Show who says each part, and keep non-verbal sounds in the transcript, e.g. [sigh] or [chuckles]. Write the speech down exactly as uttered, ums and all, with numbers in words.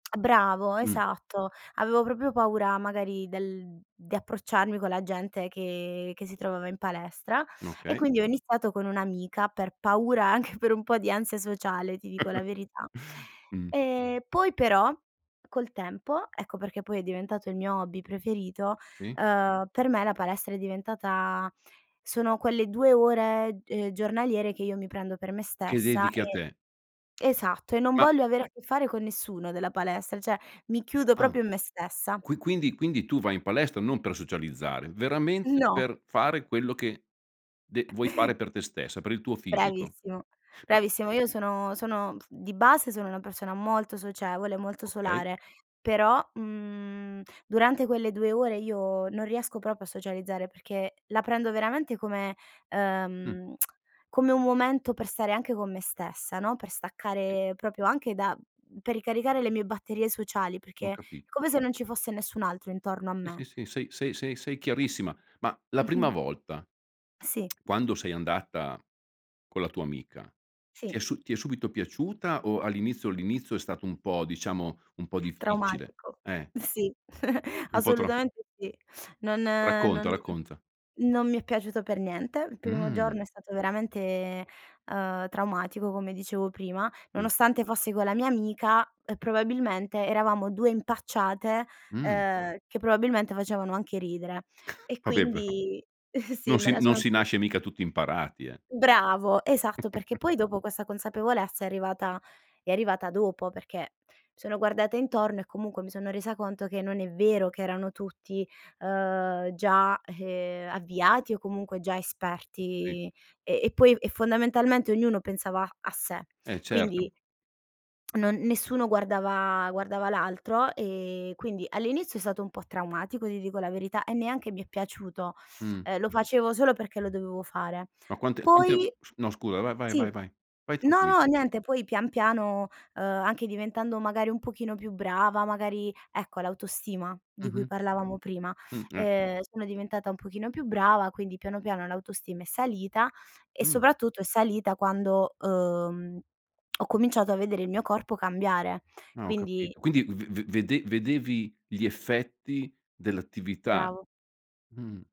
Speaker 1: Bravo,
Speaker 2: Mh.
Speaker 1: esatto. Avevo proprio paura magari del di approcciarmi con la gente che che si trovava in palestra e
Speaker 2: Okay.
Speaker 1: quindi ho iniziato con un'amica per paura anche per un po' di ansia sociale, ti dico la
Speaker 2: [chuckles]
Speaker 1: verità.
Speaker 2: Mh.
Speaker 1: E poi però col tempo, ecco perché poi è diventato il mio hobby preferito,
Speaker 2: Sì.
Speaker 1: uhm, per me la palestra è diventata sono quelle due ore, ehm, giornaliere che io mi prendo per me
Speaker 2: Che
Speaker 1: stessa
Speaker 2: dedichi a
Speaker 1: e
Speaker 2: te.
Speaker 1: esatto, e non
Speaker 2: Ma
Speaker 1: voglio avere a che fare con nessuno della palestra, cioè mi
Speaker 2: E
Speaker 1: chiudo
Speaker 2: ah.
Speaker 1: proprio in me stessa.
Speaker 2: Qui quindi quindi tu vai in palestra non per socializzare, veramente
Speaker 1: No.
Speaker 2: per fare quello che de vuoi fare per te stessa, per il tuo fisico.
Speaker 1: Bravissimo,
Speaker 2: Ma
Speaker 1: bravissimo. Io sono sono di base, sono una persona molto socievole, molto
Speaker 2: Okay.
Speaker 1: solare, però, mhmm, durante quelle due ore io non riesco proprio a socializzare, perché la prendo veramente come
Speaker 2: Mh.
Speaker 1: ehm, [tsk] come un momento per stare anche con me stessa, no, per
Speaker 2: Sì.
Speaker 1: staccare propio anche da mhmm, per ricaricare le mie batterie sociali
Speaker 2: Ho
Speaker 1: perché è
Speaker 2: capit
Speaker 1: come se non ci fosse nessun altro intorno a
Speaker 2: Eh
Speaker 1: me.
Speaker 2: sì, sì, sei sei sei sei chiarissima. Ma la prima
Speaker 1: [chuckles]
Speaker 2: volta,
Speaker 1: Sì.
Speaker 2: [tsk] quando sei andata con la tua amica, ti è
Speaker 1: Sì.
Speaker 2: su ti è subito piaciuta o all'inizio, l'inizio è stato un
Speaker 1: [unintelligible]
Speaker 2: po' diciamo un po' difficile?
Speaker 1: Traumatico.
Speaker 2: Eh.
Speaker 1: Sì, [chuckles]
Speaker 2: Un po' tro
Speaker 1: assolutamente sì. Non
Speaker 2: Racconta,
Speaker 1: non
Speaker 2: racconta.
Speaker 1: non mi è piaciuto per niente. Il primo
Speaker 2: Mh.
Speaker 1: giorno è stato veramente, uhm, traumatico come dicevo prima,
Speaker 2: Sì.
Speaker 1: nonostante fossi con la mia amica, uhm, probabilmente eravamo due impacciate,
Speaker 2: Mh.
Speaker 1: ehm, che probabilmente facevano anche ridere.
Speaker 2: [chuckles]
Speaker 1: E
Speaker 2: Vabbè però,
Speaker 1: quindi [chuckles] sì,
Speaker 2: non
Speaker 1: me
Speaker 2: si
Speaker 1: la
Speaker 2: non
Speaker 1: sono.
Speaker 2: si
Speaker 1: [unintelligible]
Speaker 2: nasce mica tutti imparati, eh.
Speaker 1: Bravo, esatto perché
Speaker 2: [chuckles]
Speaker 1: poi dopo, questa consapevolezza è arrivata è arrivata dopo, perché mi sono guardata intorno e comunque mi sono resa conto che non è vero che erano tutti, ehm, già ehm, avviati o comunque già
Speaker 2: Sì.
Speaker 1: esperti e poi e fondamentalmente ognuno pensava a sé.
Speaker 2: Eh certo.
Speaker 1: Quindi, non nessuno guardava guardava l'altro e quindi all'inizio è stato un po' traumatico, ti dico la verità, e neanche mi è piaciuto.
Speaker 2: Mh.
Speaker 1: Ehm, lo facevo solo perché lo dovevo fare.
Speaker 2: Ma quante quante
Speaker 1: Poi
Speaker 2: s no scusa, vai, vai,
Speaker 1: sì,
Speaker 2: vai, vai, vai
Speaker 1: no
Speaker 2: tranqui
Speaker 1: no niente, poi pian piano, ehm, anche diventando magari un pochino più brava, magari ecco l'autostima di cui
Speaker 2: Mh-mh.
Speaker 1: parlavamo prima,
Speaker 2: Mh, eh.
Speaker 1: ehm, sono diventata un pochino più brava, quindi piano piano l'autostima è salita. E
Speaker 2: Mh.
Speaker 1: soprattutto è salita quando, uhm, ho cominciato a vedere il mio corpo cambiare.
Speaker 2: Ah, ho
Speaker 1: Quindi
Speaker 2: capito, quindi v v vede vedevi gli effetti dell'attività,
Speaker 1: Bravo.
Speaker 2: mh.